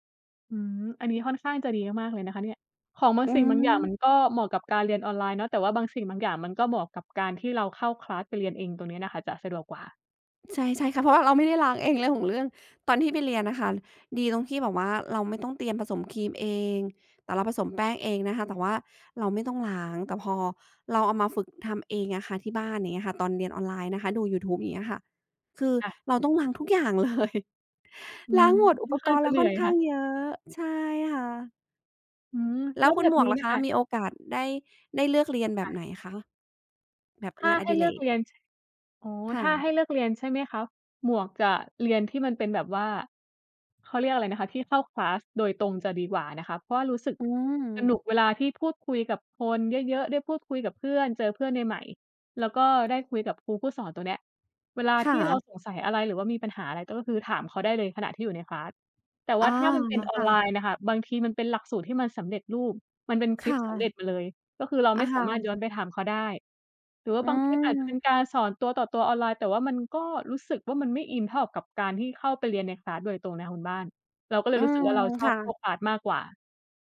อืม อันนี้ค่อนข้างจะดีมาก ๆ เลยนะคะเนี่ย ของบางอืสิ่งบางอย่างมัม นก็เหมาะกับการเรียนออนไลน์เนาะ แต่ว่าบางสิ่งบางอย่างมันก็เหมาะกับการที่เราเข้า คลาส ไปเรียนเอง ตรงเนี้ยน่ะค่ะจะสะดวกกว่า ใช่ ๆ ค่ะ เพราะว่าเราไม่ได้ล้างเองเรื่องของเรื่อง ตอนที่ไปเรียนน่ะค่ะ ดีตรงที่แบบว่าเราไม่ต้องเตรียมผสมครีมเอง แต่เราผสมแป้งเองนะคะ แต่ว่าเราไม่ต้องล้าง แต่พอเราเอามาฝึกทำเองอะค่ะที่บ้าน อย่างเงี้ยค่ะ ตอนเรียนออนไลน์นะคะ ดูยูทูบ อย่างเงี้ยค่ะ คือค่ะ เราต้องล้างทุกอย่าง เลย อืล้ม างหมด อุค่อปนขก้างรณ์จเระาเหนืค่่ออนยข้คา่งะ เยอะ ใช่ค่ะ อืม แล้แล้ววคุแบณบหมวนกี้ล่ะน่ะคะ ค่ะ มีโอกาสได้ ได้เลือกเรียนแบค่บะ ไหนคะ แบบถ้งาานอให้ดิเเลรือกก? เรียน ช อ๋อ ค่ถ้าะ ให้เลือกเรียน ใช่ไหมคะ หมวกจะเรียนที่มันเป็นแบบว่า เขาเรียกอะไรนะคะ ที่เข้า คลาส โดยตรงจะดีกว่านะคะ เพราะว่ารู้สึกอืสนม ุกเวลาที่พูดคุยกับคนเยอะ ๆ ได้พูดคุยกับเพื่อน เจอเพื่อนใหม่ ๆ แล้วก็ได้คุยกับครูผู้สอน ตรงเนี้ย เวลาคท่ี่เราะ สงสัยอะไรหรือว่ามีปัญหาอะไร ก็คือถามเขาได้เลยขณะที่อยู่ใน คลาส แต่วอ่๋อ าถ้ามันเป็นออคน่ะ ไลน์น่ะค่ะ บางทีมันเป็นหลักสูตรที่มันสำเร็จรูป มันเป็นคคลิป่สำเร็ะ จมาเลย ก็คือเราอไมา ่สคา่มารถย้ะ อนไปถามเขาได้ หรือว่าอืบางคลิปอาจจะเป็นม การสอนตัวต่อตัวออนไลน์ แต่ว่ามันก็รู้สึกว่า มันไม่อินเท่ากับการที่เข้าไปเรียนใน คลาส โดยตรงนะคะคุณบ้าน เราก็เลอืยรู้สึกม ว่า เราชคอบ่พวะ ก คลาส มากกว่า